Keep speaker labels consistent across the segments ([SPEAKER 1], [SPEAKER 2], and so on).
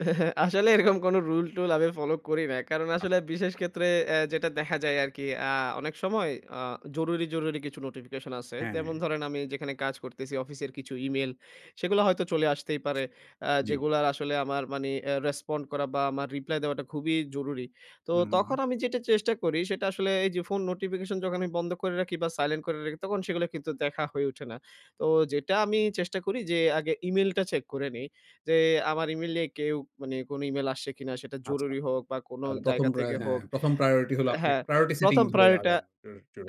[SPEAKER 1] আসলে এরকম কোনো রুল-টুল আমি ফলো করি না। কারণ আসলে
[SPEAKER 2] আচ্ছা।
[SPEAKER 1] বিশেষ ক্ষেত্রে অ্যা যেটা দেখা যায় আরকি, আ অনেক সময় আ জরুরি, জরুরি কিছু নোটিফিকেশন আছে।
[SPEAKER 2] হ্যাঁ,
[SPEAKER 1] যেমন
[SPEAKER 2] হ্যাঁ।
[SPEAKER 1] ধরেন আমি যেখানে কাজ করতেছি, অফিসের কিছু ই-মেইল, সেগুলা হয়তো চলে আসতেই পারে। অ্যা
[SPEAKER 2] জি।
[SPEAKER 1] যেগুলার আসলে আমার মানে অ্যা রেসপন্ড করা বা আমার রিপ্লাই দেওয়াটা খুবই জরুরি। তো
[SPEAKER 2] হু, হু, হুম।
[SPEAKER 1] তখন আমি যেটা চেষ্টা করি, সেটা আসলে এই যে, ফোন নোটিফিকেশন যখন আমি বন্ধ করে রাখি বা সাইলেন্ট করে রাখি, তখন সেগুলা কিন্তু দেখা হয়ে উঠে না। তো যেটা আমি চেষ্টা করি যে, আগে ই-মেইলটা চেক করে নিই। যে, আমার ই-মেইলে কেউ মানে কোনো ই-মেইল আসছে কিনা? সেটা
[SPEAKER 2] আচ্ছা।
[SPEAKER 1] জরুরি হোক বা কোনো
[SPEAKER 2] তাহলে ১ম
[SPEAKER 1] জায়গা
[SPEAKER 2] প্রায়
[SPEAKER 1] থেকে
[SPEAKER 2] হ্যাঁ।
[SPEAKER 1] হোক
[SPEAKER 2] ১ম প্রায়োরিটি হলো, আপনি
[SPEAKER 1] হ্যাঁ,
[SPEAKER 2] একটা প্রায়োরিটি সেটিং
[SPEAKER 1] ১ম
[SPEAKER 2] ধরে
[SPEAKER 1] প্রায়োরিটি টা,
[SPEAKER 2] আগান।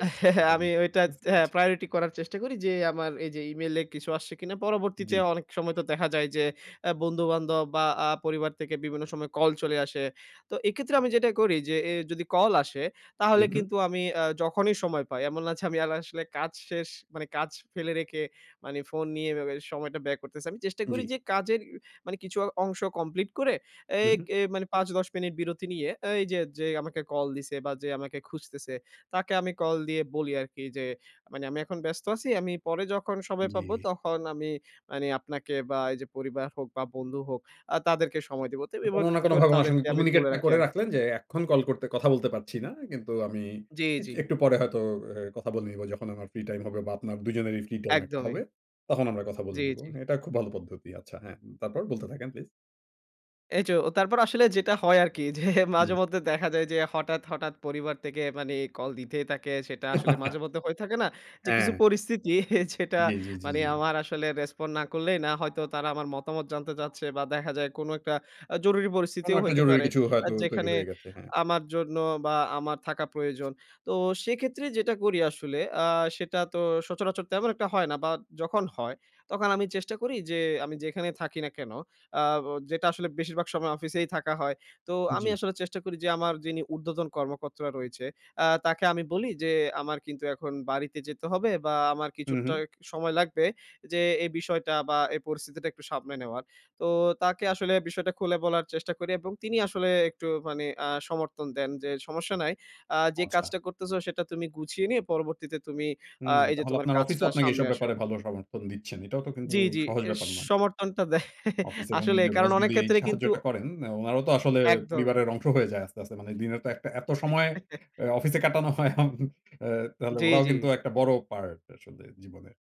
[SPEAKER 1] আমি ওইটা
[SPEAKER 2] বুঝতে
[SPEAKER 1] তে হ্যাঁ,
[SPEAKER 2] পেরেছি।
[SPEAKER 1] প্রায়োরিটি করার চেষ্টা করি যে, আমার এই যে, ই-মেইলে কিছু আসছে কিনা? পরবর্তীতে
[SPEAKER 2] জি।
[SPEAKER 1] অনেক সময় তো দেখা যায় যে, অ্যা বন্ধু-বান্ধব বা আ পরিবার থেকে বিভিন্ন সময় কল চলে আসে। তো এক্ষেত্রেও আমি যেটা করি যে, এ যদি কল আসে,
[SPEAKER 2] হু,
[SPEAKER 1] তাহলে
[SPEAKER 2] হুম।
[SPEAKER 1] কিন্তু আমি অ্যা যখনই সময় পাই, এমন না? যে, আমি এলা আসলে কাজ শেষ, মানে কাজ ফেলে রেখে মানে ফোন নিয়ে এভাবে সময়টা ব্যয় করতেসি। আমি চেষ্টা করি
[SPEAKER 2] জি।
[SPEAKER 1] যে, কাজের, মানে কিছু অংশ কমপ্লিট করে,
[SPEAKER 2] হু,
[SPEAKER 1] এই
[SPEAKER 2] হুম।
[SPEAKER 1] এ মানে ৫-১০ মিনিট বিরতি নিয়ে এই যে, যে, আমাকে কল দিছে বা যে, আমাকে খুঁজতেছে, তাকে আমি কল দিয়ে বলি আরকি যে, মানে, "আমি এখন ব্যস্ত আছি, আমি পরে যখন সময় পাব,
[SPEAKER 2] জি।
[SPEAKER 1] তখন আমি মানে আপনাকে" বা এই যে, পরিবার হোক বা বন্ধু হোক, আ তাদেরকে সময় দিব। তো
[SPEAKER 2] কোনো
[SPEAKER 1] এভাবে
[SPEAKER 2] না
[SPEAKER 1] তো করে
[SPEAKER 2] কোনোভাবে উনার সঙ্গে
[SPEAKER 1] তাদেরকে আমি
[SPEAKER 2] কমিউনিকেট
[SPEAKER 1] বলে
[SPEAKER 2] টা
[SPEAKER 1] রাখি
[SPEAKER 2] করে
[SPEAKER 1] আরকি।
[SPEAKER 2] রাখলেন যে, "এখন কল করতে, কথা বলতে পারছি না। কিন্তু আমি
[SPEAKER 1] জি,
[SPEAKER 2] কিচ
[SPEAKER 1] জি।
[SPEAKER 2] একটু পরে হয়তো, এর কথা বলে নিব যখন আমার ফ্রি টাইম হবে" বা আপনার ২ জনেরই ফ্রি টাইম একটা
[SPEAKER 1] একদমই।
[SPEAKER 2] হবে, "তখন আমরা কথা বলে
[SPEAKER 1] জি,
[SPEAKER 2] নিব।"
[SPEAKER 1] জি।
[SPEAKER 2] হ্যাঁ, এটা খুব ভালো পদ্ধতি। আচ্ছা হ্যাঁ, তারপর? বলতে থাকেন প্লিজ।
[SPEAKER 1] এই যে, ও তারপর আসলে যেটা হয় আরকি যে,
[SPEAKER 2] জি।
[SPEAKER 1] মাঝেমধ্যে দেখা যায় যে, হঠাৎ, হঠাৎ পরিবার থেকে মানে কল দিতেই থাকে। সেটা আসলে মাঝে-মধ্যে হয়ে থাকে না? যে, কিছু
[SPEAKER 2] হ্যাঁ।
[SPEAKER 1] পরিস্থিতি যেটা,
[SPEAKER 2] জি, জি, জি,
[SPEAKER 1] মানে
[SPEAKER 2] জি।
[SPEAKER 1] আমার আসলে রেসপন্ড না করলেই না। হয়তো তারা আমার মতামত জানতে চাচ্ছে বা দেখা যায় কোনো একটা আ জরুরি
[SPEAKER 2] কোনো
[SPEAKER 1] পরিস্থিতিও
[SPEAKER 2] একটা
[SPEAKER 1] হইতে
[SPEAKER 2] জরুরি
[SPEAKER 1] পারে,
[SPEAKER 2] কিছু
[SPEAKER 1] আ
[SPEAKER 2] হয়তো তৈরি
[SPEAKER 1] যেখানে
[SPEAKER 2] হয়ে গেছে। হ্যাঁ।
[SPEAKER 1] আমার জন্য বা আমার থাকা প্রয়োজন। তো সেক্ষেত্রে যেটা করি আসলে, আ সেটা তো সচরাচর তেমন একটা হয় না বা যখন হয়, তখন আমি চেষ্টা করি যে, আমি যেখানেই থাকি না কেন? আ ও যেটা আসলে বেশিরভাগ সময় অফিসেই থাকা হয়। তো আমি
[SPEAKER 2] জি।
[SPEAKER 1] আসলে চেষ্টা করি যে, আমার যিনি উর্ধ্বতন কর্মকর্তা রয়েছে, আ তাকে আমি বলি যে, "আমার কিন্তু এখন বাড়িতে যেতে হবে বা আমার
[SPEAKER 2] হু,
[SPEAKER 1] কিছুটা
[SPEAKER 2] হুম।
[SPEAKER 1] সময় লাগবে যে, এই বিষয়টা বা এই পরিস্থিতিটা একটু সামলে নেওয়ার।" তো তাকে আসলে বিষয়টা খুলে বলার চেষ্টা করি এবং তিনি আসলে একটু মানে আ সমর্থন দেন যে, "সমস্যা নাই। আ যে,
[SPEAKER 2] আচ্ছা।
[SPEAKER 1] কাজটা করতেসো, সেটা তুমি গুছিয়ে নিয়ে পরবর্তীতে তুমি আ
[SPEAKER 2] হুম।
[SPEAKER 1] এই যে,
[SPEAKER 2] তাহলে
[SPEAKER 1] তোমার
[SPEAKER 2] আপনার অফিসও
[SPEAKER 1] কাজটা
[SPEAKER 2] আপনাকে
[SPEAKER 1] সামলে
[SPEAKER 2] এসব
[SPEAKER 1] আসো।"
[SPEAKER 2] ব্যাপারে ভালো সমর্থন দিচ্ছেন। এটাও তো কিন্তু
[SPEAKER 1] জি, জি।
[SPEAKER 2] সহজ
[SPEAKER 1] এর
[SPEAKER 2] ব্যাপার নয়।
[SPEAKER 1] সমর্থনটা দেয়।
[SPEAKER 2] অফিসে এবং
[SPEAKER 1] আসলেই।
[SPEAKER 2] নিজের
[SPEAKER 1] কারণ
[SPEAKER 2] বস
[SPEAKER 1] অনেক
[SPEAKER 2] যদি এই
[SPEAKER 1] ক্ষেত্রে কিন্তু
[SPEAKER 2] সাহায্যটা করেন, অ্যা ওনারও তো আসলে
[SPEAKER 1] একদমই।
[SPEAKER 2] পরিবারের অংশ হয়ে যায় আস্তে, আস্তে। মানে দিনের তো একটা এত সময় অ্যা অফিসে কাটানো হয়, আম অ্যা তাহলে
[SPEAKER 1] জি,
[SPEAKER 2] ওরাও কিন্তু
[SPEAKER 1] জি।
[SPEAKER 2] একটা বড় পার্ট আসলে জীবনের।